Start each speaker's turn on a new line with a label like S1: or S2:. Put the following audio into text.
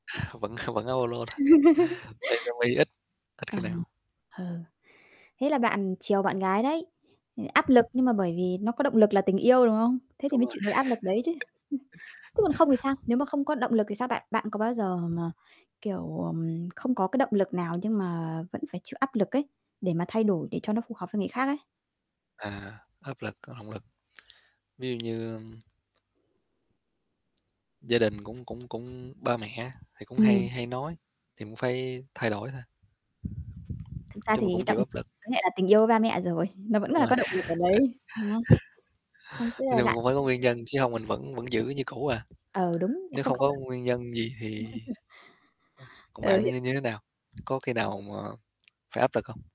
S1: Vẫn vẫn [unintelligible] tiền cho mi ít, ít
S2: Ờ,
S1: khi nào
S2: ờ. Thế là bạn chiều bạn gái đấy. Ừ, áp lực, nhưng mà bởi vì nó có động lực là tình yêu, đúng không? Thế thì
S1: Đúng
S2: mới
S1: rồi.
S2: chịu được áp lực đấy chứ. Chứ còn không thì sao? Nếu mà không có động lực thì sao? Bạn bạn có bao giờ mà, kiểu, ờm, không có cái động lực nào nhưng mà vẫn phải chịu áp lực ấy, để mà thay đổi để cho nó phù hợp với người khác ấy?
S1: À, áp lực, có động lực. Ví dụ như, ưm gia đình cũng cũng cũng ba mẹ á, thì cũng hay
S2: Ừm.
S1: hay nói, thì cũng phải thay đổi thôi.
S2: Thực ra
S1: Chung là
S2: thì
S1: cũng
S2: động
S1: chịu
S2: với
S1: áp lực.
S2: lại là tình yêu với ba mẹ rồi, nó vẫn
S1: Đúng
S2: là
S1: rồi.
S2: có động lực ở đấy, đúng không? Không, tức
S1: Nói chung
S2: là
S1: thì
S2: bạn
S1: cũng phải có
S2: [unintelligible]
S1: nguyên nhân chứ hông mình vẫn vẫn giữ như cũ à.
S2: Ờ, đúng, là
S1: Nếu
S2: không
S1: không
S2: không, ơ
S1: có nguyên nhân gì thì ơ, còn
S2: Ờ,
S1: bạn
S2: hiểu.
S1: như như thế nào? Có khi nào
S2: [unintelligible]
S1: mà phải áp lực không?